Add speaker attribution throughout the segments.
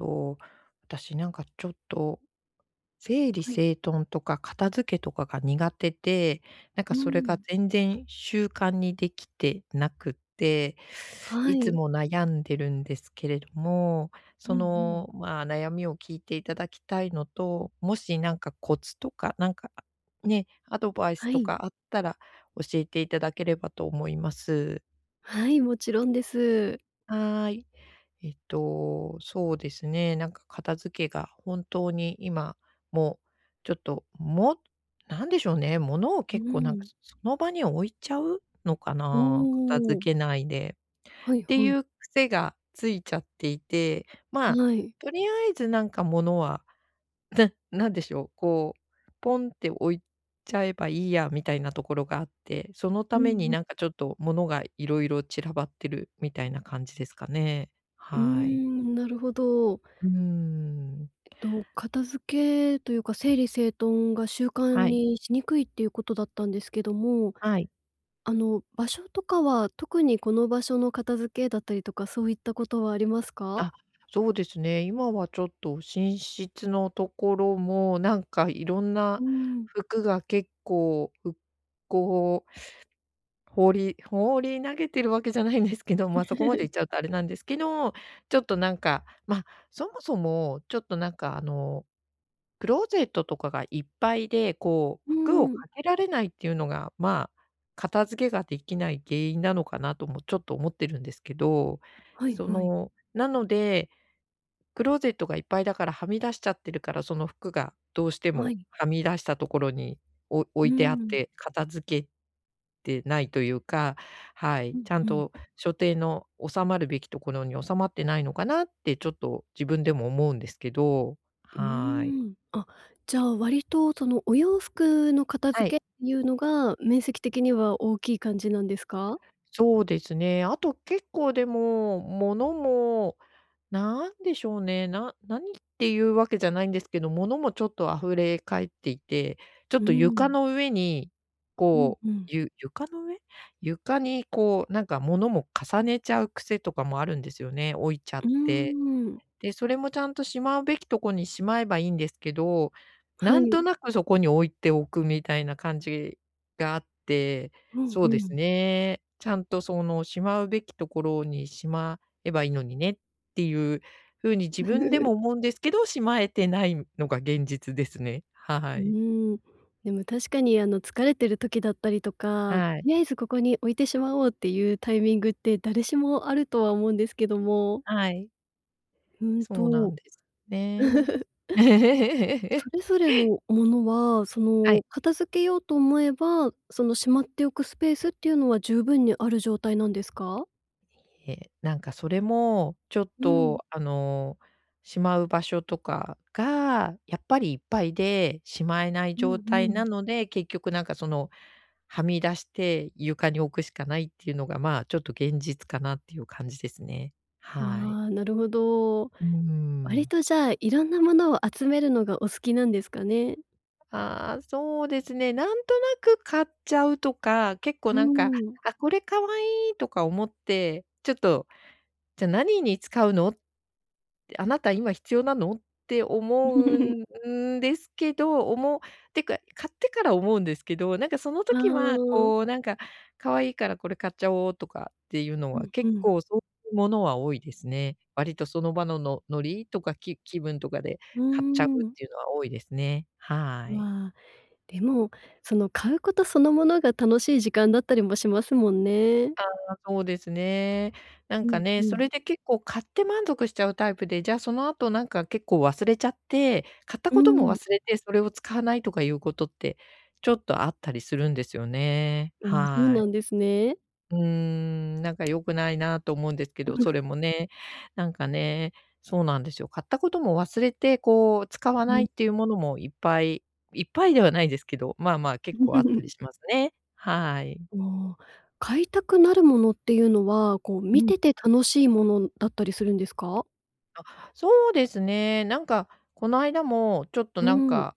Speaker 1: と、私、なんか、ちょっと、整理
Speaker 2: はい。
Speaker 1: 整頓とか片付けとかが苦手で、なんか、
Speaker 2: うー
Speaker 1: それが
Speaker 2: ん。
Speaker 1: 全然習慣にできてなくって、
Speaker 2: は
Speaker 1: いつ
Speaker 2: い。
Speaker 1: も悩んでるんですけれども、
Speaker 2: う
Speaker 1: そ
Speaker 2: んうん。
Speaker 1: の、まあ、悩みを聞いていただきたいのと、もしなんかコツとか、なんか、ね、アドバイス
Speaker 2: は
Speaker 1: と
Speaker 2: い。
Speaker 1: かあったら教えていただければと思います。
Speaker 2: はい、もちろんです。
Speaker 1: はい。えっと、そうですね、なんか、片付けが本当に今も、ちょっと、もなんでしょうね、物を
Speaker 2: うー
Speaker 1: 結構、なんか、
Speaker 2: ん。
Speaker 1: その場に置いちゃうのか
Speaker 2: お
Speaker 1: な、片付
Speaker 2: お。
Speaker 1: けないで。
Speaker 2: はい
Speaker 1: って
Speaker 2: はい。
Speaker 1: いう癖がついちゃっていて、ま、
Speaker 2: はい。
Speaker 1: とりあえずなんか物は、なんでしょう、こう、ポンって置いちゃえばいいやみたいなところがあって、そのた
Speaker 2: うん
Speaker 1: めに、
Speaker 2: うん。
Speaker 1: なんか、ちょっと物が色々散らばってるみたいな感じですかね。
Speaker 2: うー
Speaker 1: はい。
Speaker 2: ん、なるほど。
Speaker 1: うーん。
Speaker 2: えっと、片付けというか、整理整頓が習慣
Speaker 1: はい。
Speaker 2: にしにくいっていうことだったんですけども、
Speaker 1: はい。
Speaker 2: あの、場所とかは、特にこの場所の片付けだったりとか、そういったことはありますか？
Speaker 1: あ、そうですね。今はちょっと寝室のところも、なんか、いろん
Speaker 2: うー
Speaker 1: な
Speaker 2: ん。
Speaker 1: 服が結構、ふこう放り放り投げてるわけじゃないんですけど、ま、そこまでい っちゃうとあれなんですけど、ちょっと、なんか、ま、そもそも、ちょっと、なんか、あの、クローゼットとかがいっぱいで、こ
Speaker 2: う
Speaker 1: う、
Speaker 2: ー
Speaker 1: 服を
Speaker 2: ん。
Speaker 1: かけられないっていうのが、まあ、片付けができない原因なのかなともちょっと思ってるんですけど。
Speaker 2: はい
Speaker 1: そ
Speaker 2: はい。
Speaker 1: の、なので、クローゼットがいっぱいだからはみ出しちゃってるから、その服がどうして
Speaker 2: は
Speaker 1: も
Speaker 2: い。
Speaker 1: はみ出したところに、お置
Speaker 2: うー
Speaker 1: いてあっ
Speaker 2: ん。
Speaker 1: て片付けてないというか、は
Speaker 2: う
Speaker 1: い、
Speaker 2: ん
Speaker 1: ちゃん
Speaker 2: うん。
Speaker 1: と所定の収まるべきところに収まってないのかなって、ちょっと自分でも思うんですけど。
Speaker 2: うー
Speaker 1: はい。
Speaker 2: ん。あ、じゃあ割と、その、お洋服の片
Speaker 1: はい。
Speaker 2: 付けっていうのが、面積的には大きい感じなんですか？
Speaker 1: そうですね。あと、結構、でも、物も、なんでしょうね、な何っていうわけじゃないんですけど、物もちょっと溢れ返っていて、ちょ
Speaker 2: う
Speaker 1: っ
Speaker 2: ー
Speaker 1: と床
Speaker 2: ん。
Speaker 1: の上に、
Speaker 2: うん
Speaker 1: こう、
Speaker 2: うん。
Speaker 1: ゆ床の上？床に、こう、なんか、物も重ねちゃう癖とかもあるんですよね、置いちゃ
Speaker 2: う
Speaker 1: っ
Speaker 2: ー
Speaker 1: て。
Speaker 2: ん。
Speaker 1: で、それもちゃんとしまうべきとこにしまえばいいんですけど、
Speaker 2: は
Speaker 1: なんと
Speaker 2: い。
Speaker 1: なくそこに置いておくみたいな感じがあって、
Speaker 2: うん
Speaker 1: そ
Speaker 2: う
Speaker 1: うです
Speaker 2: ん。
Speaker 1: ね、ちゃんと、その、しまうべきところにしまえばいいのにねっていうふうに自分でも 思うんですけど、しまえてないのが現実ですね。
Speaker 2: う
Speaker 1: はい。
Speaker 2: ーん。でも確かに、あの、疲れてる時だったりとか、と
Speaker 1: はい。
Speaker 2: りあえずここに置いてしまおうっていうタイミングって誰しもあるとは思うんですけども。
Speaker 1: はい。
Speaker 2: うん
Speaker 1: そうな
Speaker 2: と
Speaker 1: んですね。
Speaker 2: それぞれ のものは、そ
Speaker 1: はい。
Speaker 2: の、片付けようと思えば、その、しまっておくスペースっていうのは十分にある状態なんですか？
Speaker 1: いえ、なんかそれもちょっ
Speaker 2: うん。
Speaker 1: と、あの、しまう場所とかが、やっぱりいっぱいで、しまえない
Speaker 2: うん
Speaker 1: 状
Speaker 2: う
Speaker 1: 態
Speaker 2: ん。
Speaker 1: なので、結局なんか、その、はみ出して床に置くしかないっていうのが、ま、ちょっと現実かなっていう感じですね。
Speaker 2: あ
Speaker 1: はい。
Speaker 2: あ、なるほど。
Speaker 1: うー
Speaker 2: 割
Speaker 1: ん。
Speaker 2: とじゃあ色んなものを集めるのがお好きなんですかね？
Speaker 1: ああ、そうですね、なんとなく買っちゃうとか、結
Speaker 2: う
Speaker 1: 構
Speaker 2: ー
Speaker 1: なんか
Speaker 2: ん。
Speaker 1: 「あ、これ可愛い」とか思って、ちょっと「じゃ何に使うの？あなた今必要なの？」って思う んですけどおもってか買ってから思うんですけど、なんかその
Speaker 2: あ
Speaker 1: 時は、
Speaker 2: あ。
Speaker 1: こうなんか「可愛いからこれ買っちゃおう」とかっていうの
Speaker 2: う
Speaker 1: は
Speaker 2: んう
Speaker 1: 結
Speaker 2: ん。
Speaker 1: 構そういうものは多いですね。割とその場の、ノノリとか？き、気分とかで
Speaker 2: うー
Speaker 1: 買っちゃうっ
Speaker 2: ん。
Speaker 1: ていうのは多いですね。はい。
Speaker 2: わあ、でも、その買うことそのものが、楽しい時間だったりもしますもんね。
Speaker 1: ああ、そうですね。な
Speaker 2: う
Speaker 1: んか
Speaker 2: ん、う
Speaker 1: ね、そ
Speaker 2: ん。
Speaker 1: れで結構買って満足しちゃうタイプで、じゃあ、その後なんか結構忘れちゃって、買った
Speaker 2: うー
Speaker 1: ことも
Speaker 2: ん。
Speaker 1: 忘れて、それを使わないとかいうことって、ちょっとあったりするんですよね。
Speaker 2: ああ、そう
Speaker 1: は
Speaker 2: な
Speaker 1: い。
Speaker 2: んですね。
Speaker 1: うーん。なんか良くないなと思うんですけど、そ れもね、なんかね、そうなんですよ。買ったことも忘れて、こう使わ
Speaker 2: う
Speaker 1: ないっ
Speaker 2: ん。
Speaker 1: ていうものもいっぱいいっぱいではないですけど、まあまあ、結構あったり しますね。はい。
Speaker 2: おお、買いたくなるものっていうのは、こう見
Speaker 1: うん。
Speaker 2: てて楽しいものだったりするんですか？
Speaker 1: あ、そうですね。なんか、この間も、ちょっと
Speaker 2: う
Speaker 1: なん
Speaker 2: ん。
Speaker 1: か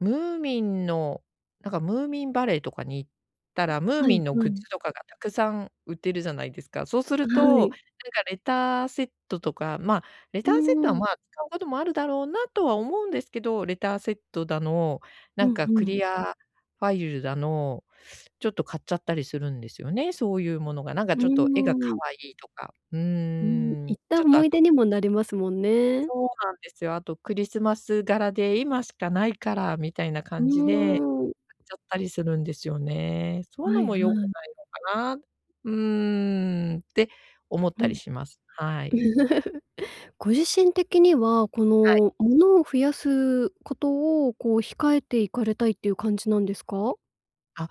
Speaker 1: ムーミンの、なんか、ムーミンバレーとかに行ったら、ムー
Speaker 2: は
Speaker 1: ミン
Speaker 2: い
Speaker 1: の
Speaker 2: は
Speaker 1: グッ
Speaker 2: い。
Speaker 1: ズとかがたくさん売ってるじゃないですか。そうす
Speaker 2: あ、
Speaker 1: る
Speaker 2: は
Speaker 1: と、なん
Speaker 2: い。
Speaker 1: か、レターセットとか、まあ、レ
Speaker 2: う
Speaker 1: ターセット
Speaker 2: ー
Speaker 1: は、
Speaker 2: ん。
Speaker 1: まあ、使うこともあるだろうなとは思うんですけど、レターセットだの、な
Speaker 2: う
Speaker 1: ん
Speaker 2: ん
Speaker 1: かク
Speaker 2: うん。
Speaker 1: リアファイルだの、ちょっと買っちゃったりするんですよね、そういうものが、なん
Speaker 2: う
Speaker 1: かちょっと絵が可
Speaker 2: ーん。
Speaker 1: 愛いとか。う
Speaker 2: うん、
Speaker 1: ーん。
Speaker 2: 行った
Speaker 1: ちょっと
Speaker 2: 思
Speaker 1: あ
Speaker 2: い出
Speaker 1: と
Speaker 2: にもなりますもんね。
Speaker 1: そうなんですよ。あと、クリスマス柄で今しかないからみたいな
Speaker 2: う
Speaker 1: 感じで
Speaker 2: ーん。
Speaker 1: 買っちゃったりするんですよね。そういう
Speaker 2: は
Speaker 1: の
Speaker 2: い
Speaker 1: も良く
Speaker 2: はい。
Speaker 1: ないのかな、うーん。って思っ
Speaker 2: う
Speaker 1: たり
Speaker 2: ん。
Speaker 1: します。はい。
Speaker 2: ご自身的には、こ
Speaker 1: はい。
Speaker 2: の、物を増やすことを、こう、控えていかれたいっていう感じなんですか？
Speaker 1: あ、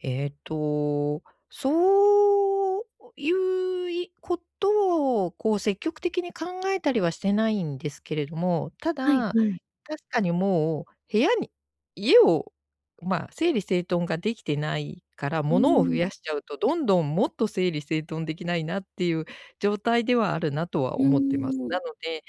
Speaker 1: ええと、そういういことを、こう、積極的に考えたりはしてないんですけれども、た
Speaker 2: はい
Speaker 1: だ、
Speaker 2: はい。
Speaker 1: 確かにもう部屋に家を、まあ、整理整頓ができてないから、
Speaker 2: う
Speaker 1: 物を増
Speaker 2: ーん。
Speaker 1: やしちゃうとどんどんもっと整理整頓できないなっていう状態ではあるなと
Speaker 2: う
Speaker 1: は
Speaker 2: ー
Speaker 1: 思ってます。な
Speaker 2: ん。
Speaker 1: ので、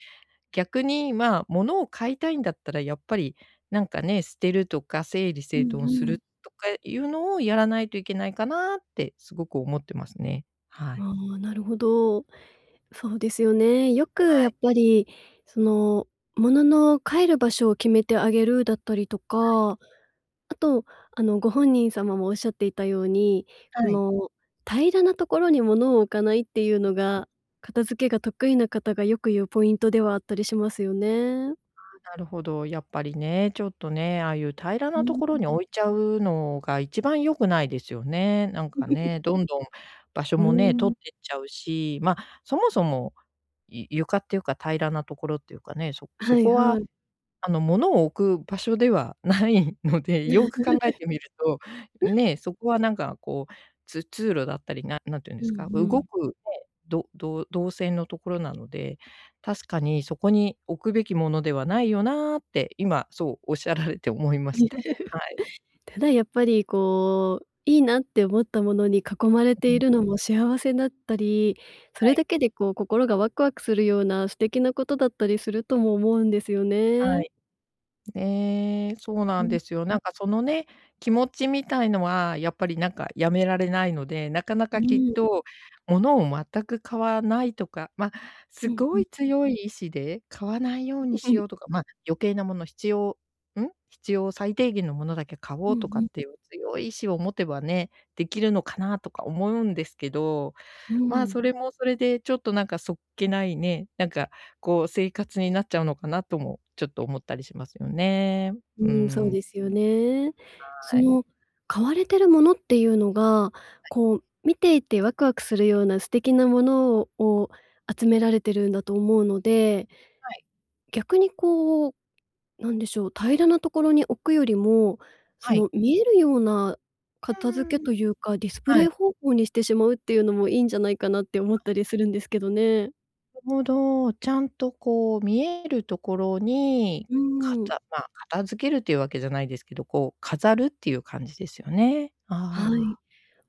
Speaker 1: 逆に、まあ、物を買いたいんだったら、やっぱり、なんかね、捨てるとか整理
Speaker 2: う
Speaker 1: 整頓
Speaker 2: ん
Speaker 1: す
Speaker 2: う
Speaker 1: る
Speaker 2: ん。
Speaker 1: とかいうのをやらないといけないかなって、すごく思ってますね。はい。
Speaker 2: ああ、なるほど。そうですよね。よく、
Speaker 1: は
Speaker 2: や
Speaker 1: い。
Speaker 2: っぱり、その、物の帰る場所を決めてあげるだったりと
Speaker 1: はい。
Speaker 2: か、あと、あの、ご本人様もおっしゃっていたように、こ
Speaker 1: はい。
Speaker 2: の平らなところに物を置かないっていう
Speaker 1: はい。
Speaker 2: のが、片付けが得意な方がよく言うポイントではあったりしますよね。
Speaker 1: ああ、なるほど、やっぱりね、ちょっとね、ああいう平ら
Speaker 2: う
Speaker 1: なと
Speaker 2: ー
Speaker 1: ころ
Speaker 2: ん。
Speaker 1: に置いちゃうのが一番良くないですよね。なんか ね、どんどん場所
Speaker 2: うー
Speaker 1: もね、取
Speaker 2: ん。
Speaker 1: ってっちゃうし、ま、そもそも、ゆ床っていうか、平らなところっていうかね、そ
Speaker 2: は
Speaker 1: そ
Speaker 2: い
Speaker 1: こは、
Speaker 2: はい。
Speaker 1: あの、物を置く場所ではないので、よく考えてみると、ね、そこはなんか、こう、つ通路だったり、な何て言うんで
Speaker 2: う
Speaker 1: すか、
Speaker 2: ん
Speaker 1: 動
Speaker 2: うん。
Speaker 1: くね、どどう動線のところなので、確かにそこに置くべきものではないよなって、今そうおっしゃられて思いました。はい。
Speaker 2: ただやっぱり、こう、いいなって思ったものに囲まれ
Speaker 1: う
Speaker 2: てい
Speaker 1: ん。
Speaker 2: るのも幸せだったり、そ
Speaker 1: は
Speaker 2: れ
Speaker 1: い。
Speaker 2: だけで、こう、心がワクワクするような素敵なことだったりするとも思うんですよ
Speaker 1: は
Speaker 2: ね。
Speaker 1: い。ええ、そうな
Speaker 2: う
Speaker 1: ん
Speaker 2: ん。
Speaker 1: ですよ。なんかそのね、気持ちみたいのは、やっぱり、なんか、やめられないので、なかな
Speaker 2: う
Speaker 1: かきっ
Speaker 2: ーん。
Speaker 1: と物を全く買わないとか、ま、す
Speaker 2: うん
Speaker 1: ご
Speaker 2: うん。
Speaker 1: い強い意志で、買わないよう
Speaker 2: う
Speaker 1: に
Speaker 2: うう
Speaker 1: し
Speaker 2: ん。
Speaker 1: ようとか、まあ、余計なもの、必要ん、必要最低限のものだけ買お
Speaker 2: うん
Speaker 1: う
Speaker 2: う
Speaker 1: とかっ
Speaker 2: ん。
Speaker 1: ていう強い意志を持てばね、できるのかなとか思うんですけど、
Speaker 2: うー
Speaker 1: まあ、
Speaker 2: ん。
Speaker 1: それもそれで、ちょっとなんか、そっけないね、なんか、こう、生活になっちゃうのかなともちょっと思ったりしますよね。
Speaker 2: う
Speaker 1: うー
Speaker 2: ーん、そう
Speaker 1: ん。
Speaker 2: ですよね。そ
Speaker 1: はい。
Speaker 2: の買われてるものっていうのが、
Speaker 1: はい。
Speaker 2: こう、見ていてワクワクするような素敵なものをを集められてるんだと思うので、
Speaker 1: はい。
Speaker 2: 逆に、こう、なんでしょう。平らなところに置くよりも、そ
Speaker 1: はい。
Speaker 2: の見えるような
Speaker 1: う
Speaker 2: 片付け
Speaker 1: ーん。
Speaker 2: というか、ディスプ
Speaker 1: は
Speaker 2: レイ
Speaker 1: い。
Speaker 2: 方法にしてしまうっていうのも、いいんじゃないかなって思ったりするんですけどね。
Speaker 1: ほど、ちゃんとこう、見えるところに、
Speaker 2: うー
Speaker 1: か
Speaker 2: ん。
Speaker 1: たまあ、片付けるっていうわけじゃないですけど、こう、飾るっていう感じですよね。
Speaker 2: は
Speaker 1: あ
Speaker 2: い。
Speaker 1: あ。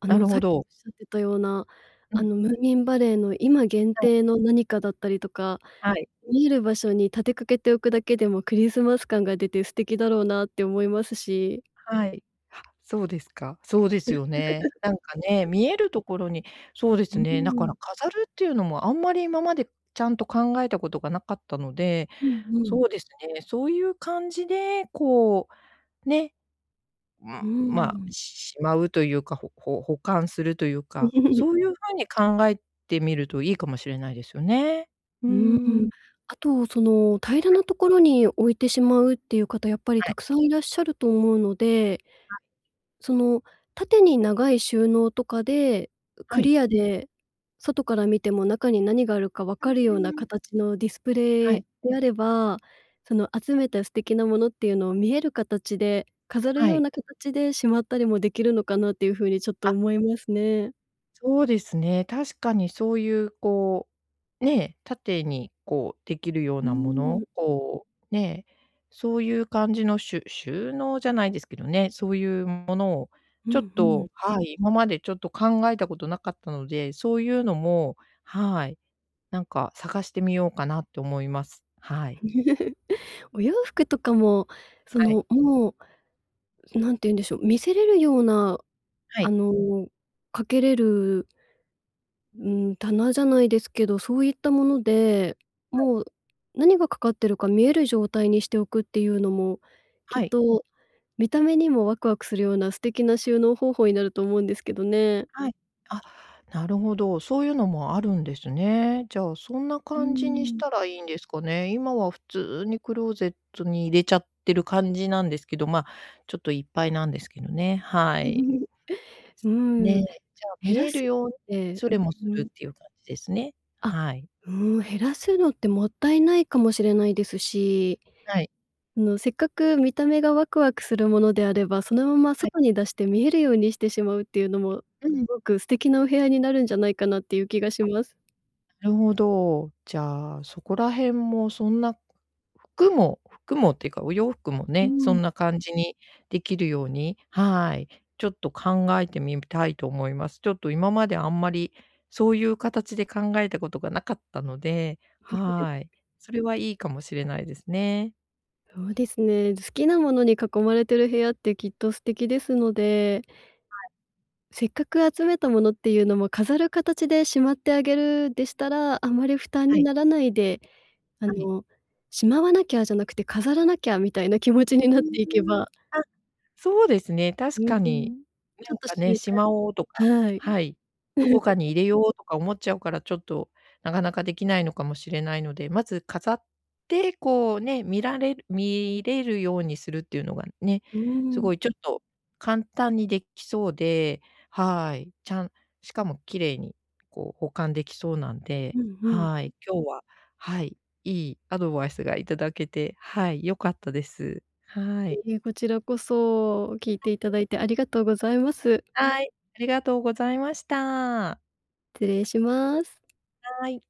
Speaker 2: あ
Speaker 1: な
Speaker 2: の、
Speaker 1: る
Speaker 2: さ
Speaker 1: ほ
Speaker 2: っきお
Speaker 1: ど。
Speaker 2: っしゃってたような、
Speaker 1: う
Speaker 2: あ
Speaker 1: ん。
Speaker 2: の、ムーミンバレーの今限
Speaker 1: はい。
Speaker 2: 定の何かだったりとか、
Speaker 1: はい。
Speaker 2: 見える場所に立てかけておくだけでも、クリスマス感が出て素敵だろうなって思いますし。
Speaker 1: はい。は、そうですか、そうですよね。なんかね、見えるところに、そうで
Speaker 2: う
Speaker 1: す
Speaker 2: ー
Speaker 1: ね、だか
Speaker 2: ん。
Speaker 1: ら飾るっていうのも、あんまり今まで、ちゃんと考えたことがなかったので、
Speaker 2: うんうん。
Speaker 1: そうですね、そういう感じで、こう、ね。う
Speaker 2: う
Speaker 1: ん、
Speaker 2: ー
Speaker 1: まあ、
Speaker 2: ん。
Speaker 1: ししまうというか、ほほ保管するというか、そ ういう風に考えてみるといいかもしれないですよね。うー
Speaker 2: うーん。
Speaker 1: ん。
Speaker 2: あと、その、平ら
Speaker 1: はい。
Speaker 2: なところに置いてしまうっていう方、やっぱり
Speaker 1: は
Speaker 2: た
Speaker 1: い。
Speaker 2: くさんいらっしゃると思うので
Speaker 1: あ。
Speaker 2: その、縦に長い収納とかで、
Speaker 1: は
Speaker 2: ク
Speaker 1: い。
Speaker 2: リアで外から見ても、中に何があるか分
Speaker 1: うう
Speaker 2: かるような
Speaker 1: ーん。
Speaker 2: 形のディスプ
Speaker 1: は
Speaker 2: レイ
Speaker 1: い。
Speaker 2: であれば、その、集めた素敵なものっていうのを見える形で、飾る
Speaker 1: は
Speaker 2: よう
Speaker 1: い。
Speaker 2: な形でしまったりもできるのかなっていう風にちょっと
Speaker 1: あ。
Speaker 2: 思いますね。
Speaker 1: そうですね。確かにそういう、こう、ね、縦に、こう、できるよう
Speaker 2: うー
Speaker 1: なもの、
Speaker 2: ん。
Speaker 1: こう、ね、そういう感じのしゅ収納じゃないですけどね、そういうものを、
Speaker 2: う
Speaker 1: ちょ
Speaker 2: ん、
Speaker 1: っ
Speaker 2: ふん。
Speaker 1: と、はい、今までちょっと、考えたことなかったので、そういうのも、はい、なんか、探してみようかなと思います。はい。
Speaker 2: お洋服とかも、そ
Speaker 1: はい。
Speaker 2: の、もう、何て言うんでしょう、見せれるような、
Speaker 1: は
Speaker 2: あ
Speaker 1: い。
Speaker 2: の、掛けれるうーん、棚じゃないですけど、そういったもので、
Speaker 1: はい。
Speaker 2: もう、何が掛かってるか見える状態にしておくっていうのも、きっ
Speaker 1: はい。
Speaker 2: と見た目にもワクワクするような素敵な収納方法になると思うんですけどね。
Speaker 1: はい。あ、なるほど。そういうのもあるんですね。じゃあ、そんな
Speaker 2: うー
Speaker 1: 感じにし
Speaker 2: ん。
Speaker 1: たらいいんですかね。今は普通にクローゼットに入れちゃってる感じなんですけど、ま、ちょっといっぱいなんですけどね。はい。
Speaker 2: うーん。
Speaker 1: ね。じゃ、
Speaker 2: 減
Speaker 1: 見
Speaker 2: ら
Speaker 1: える
Speaker 2: すっ
Speaker 1: ように
Speaker 2: て
Speaker 1: 処理もす
Speaker 2: うんう
Speaker 1: る
Speaker 2: ん。
Speaker 1: っていう感じですね。
Speaker 2: あ、
Speaker 1: はい。
Speaker 2: うん、減らすのって、もったいないかもしれないですし、
Speaker 1: はい。
Speaker 2: あの、せっかく見た目がワクワクするものであれば、そのまま
Speaker 1: はい。
Speaker 2: 外に出して見えるようにしてしまうっていうのも、す
Speaker 1: うん。
Speaker 2: ごく素敵なお部屋になるんじゃないかなっていう気がし
Speaker 1: あ、
Speaker 2: ます。
Speaker 1: なるほど。じゃあ、そこら辺も、そんな、服も、服もっていうか、お洋服も
Speaker 2: うー
Speaker 1: ね、そ
Speaker 2: ん。
Speaker 1: んな感じにできるように、はい、ちょっと、考えてみたいと思います。ちょっと今まであんまりそういう形で考えたことがなかったので、はい。それは、いいかもしれないですね。
Speaker 2: そうですね。好きなものに囲まれてる部屋って、きっと素敵ですので。
Speaker 1: はい。
Speaker 2: せっかく集めたものっていうのも飾る形でしまってあげるでしたら、あまり負担
Speaker 1: は
Speaker 2: に
Speaker 1: い。
Speaker 2: ならないで、あ
Speaker 1: はい。
Speaker 2: の、しまわなきゃじゃなくて、飾らなきゃみたいな気持ち
Speaker 1: う
Speaker 2: になっていけ
Speaker 1: ーん、
Speaker 2: ば
Speaker 1: あ、そうですね。
Speaker 2: う
Speaker 1: 確か
Speaker 2: ー
Speaker 1: に。
Speaker 2: ん、ち
Speaker 1: な
Speaker 2: ょっ
Speaker 1: ん
Speaker 2: と
Speaker 1: か
Speaker 2: 習
Speaker 1: ね、しまおうとか
Speaker 2: 慣はい。
Speaker 1: はい、どこ かに入れようとか思っちゃうから、ちょっと、なかなかできないのかもしれないので、まず飾って、こう、ね、見られる見れるようにするっていうのがね、
Speaker 2: うー
Speaker 1: す
Speaker 2: ん。
Speaker 1: ごいちょっと、簡単にできそうで、はい、ちゃんしかも綺麗に、こう、保管できそうなんで、
Speaker 2: うん、ふん。
Speaker 1: はい。今日は、はい、いいアドバイスがいただけて、はい、良かったです。はい。
Speaker 2: いいえ、こちらこそ聞いていた
Speaker 1: [unintelligible]
Speaker 2: だいて、ありがとうございます。
Speaker 1: はい。ありがとうございました。
Speaker 2: 失礼します。
Speaker 1: はい。